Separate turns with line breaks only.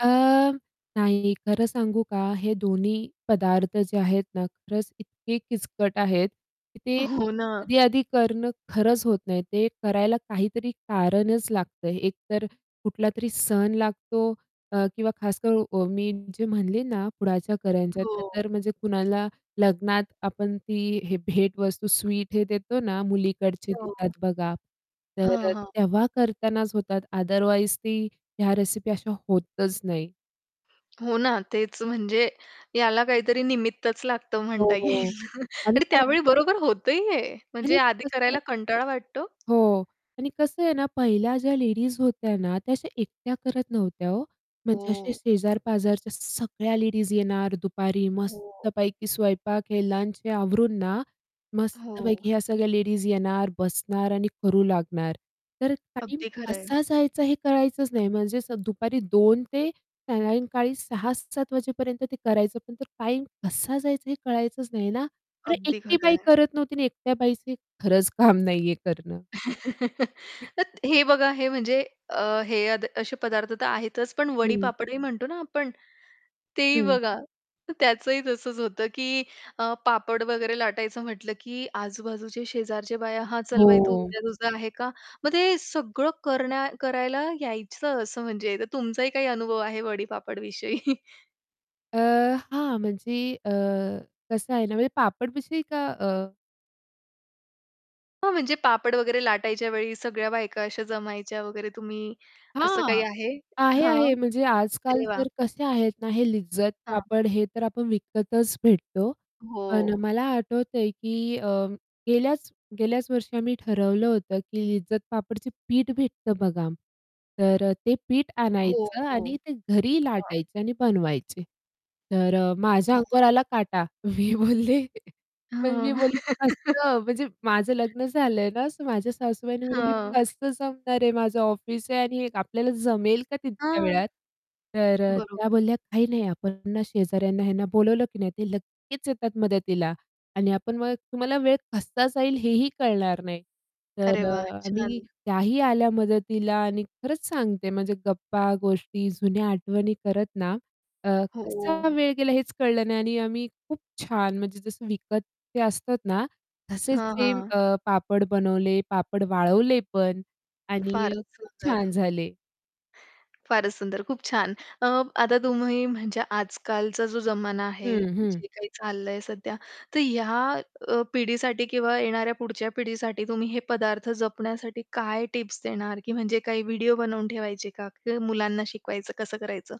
अ, नाही खरं सांगू का, हे दोन्ही पदार्थ जे आहेत ना खरंच इतके किचकट आहेत की ते
हो ना.
आधी-आधी करणं खरंच होत नाही. ते करायला काहीतरी कारणच लागतं, एकतर कुठलातरी सण लागतो अ, किंवा खासकरून अ, मी जे म्हणले ना पुढाच्या करंज्या,
हो.
तर म्हणजे कुणाला लग्नात आपण ती हे भेटवस्तू, स्वीट हे देतो ना, मुलीकडचे
हो.
देतात बघा.
हां,
तर
हां.
तेव्हा करतानाच होतात अदरवाईज ती ह्या रेसिपी अशा होतच नाही.
हो ना तेच म्हणजे याला काहीतरी निमित्तच लागतं म्हणता
हो
येईल
आणि
आणि
फार.
त्यावेळी बरोबर होतं ही आहे. म्हणजे
आणि
आधी
कसं
करायला कंटाळा वाटतो.
हो आणि कसं आहे ना पहिल्या ज्या लेडीज होत्या ना त्या अशा एकट्या करत नव्हत्या हो. म्हणजे असे
हो.
शेजार-पाजारच्या सगळ्या लेडीज येणार दुपारी
हो.
मस्तपैकी स्वयंपाक हे लंच आवरून ना.
हो.
मस्तपैकी ह्या सगळ्या लेडीज येणार बसणार आणि करू लागणार. तर टाईम
अगदी खरं आहे.
कसा जायचा हे कळायचंच नाही म्हणजे दुपारी 2:00 ते सायंकाळी 6:00- 7:00 वाजेपर्यंत ते करायचं पण टाईम कसा जायचा हे कळायचंच नाही ना. तर
अगदी
एकटी
खरं
बाई
आहे.
करत नव्हती आणि एकट्या बाईचं खरंच काम नाहीये करणं.
तर हे बघा हे म्हणजे अ, हे अद असे पदार्थ तर आहेतच पण
हं.
वडी-पापडी म्हणतो ना आपण ते ही
हं.
बघा. त्याचंही तसंच होतं की अ, पापड वगैरे लाटायचं म्हटलं की आजूबाजूच्या शेजारच्या बाया, "हां, चल बाई तू
हो.
उद्या तुझा आहे का?" मग ते सगळं करणं करायला यायचं असं म्हणजे तर तुमचाही काही अनुभव आहे वडी पापड विषयी?
अ, हां म्हणजे अ, कसं आहे ना म्हणजे पापड विषयी का अ
हो म्हणजे पापड वगैरे लाटायच्या वेळी सगळ्या बायका अशा जमायच्या वगैरे तुम्ही असं काही
हां,
आहे?
आहे,
हां,
आहे म्हणजे आजकाल
अरे वाह!
तर कसे आहेत ना हे लिज्जत
हां.
पापड हे तर आपण विकतच भेटतो. पण
हो.
मला आठवतंय की अ, गेल्याच गेल्याच वर्षी आम्ही ठरवलं होतं की लिज्जत पापडचे पीठ भेटतं बघा. तर अ, ते पीठ
हो,
आणायचं
हो.
आणि ते घरी
हं.
लाटायचे आणि बनवायचे. तर अ, माझ्या
हं.
अंगावर आला काटा. मी बोलले पण मी
हं.
बोलली कसं म्हणजे माझं लग्न झालंय ना माझ्या सासूबाईंनी बोलली
हां.
कसं जमणार आहे. माझं ऑफिस आहे आणि आपल्याला जमेल का तितक्या
हां.
वेळात? तर अ, त्या
बरोबर.
बोलल्या काही नाही आपण ना शेजाऱ्यांना ह्यांना बोलावलं की नाही ते लगेच्च येतात मदतीला आणि आपण मग तुम्हाला वेळ कसा जाईल हे ही कळणार नाही.
अरे
तर
वाह!
अ,
छान.
आम्ही त्याही आल्या मदतीला आणि खरंच सांगते म्हणजे गप्पा, गोष्टी, जुन्या आठवणी करत ना अ,
हो.
कसा वेळ गेला हेच कळलं नाही आणि आम्ही खूप छान म्हणजे जसं विकत ते असतात ना तसेच
हां,
सेम
हां.
ते अ, पापड बनवले, पापड वाळवले पण आणि
फारच
खूप
सुंदर.
छान झाले.
फारच सुंदर खूप छान. अ, आता तुम्ही म्हणजे आजकालचा जो जमाना आहे
हं, हं.
जे काही चाललंय सध्या तर या अ, पिढीसाठी किंवा येणाऱ्या पुढच्या पिढीसाठी तुम्ही हे पदार्थ जपण्यासाठी काय टिप्स देणार की म्हणजे काही व्हिडिओ बनवून ठेवायचे का? की मुलांना शिकवायचं कसं करायचं?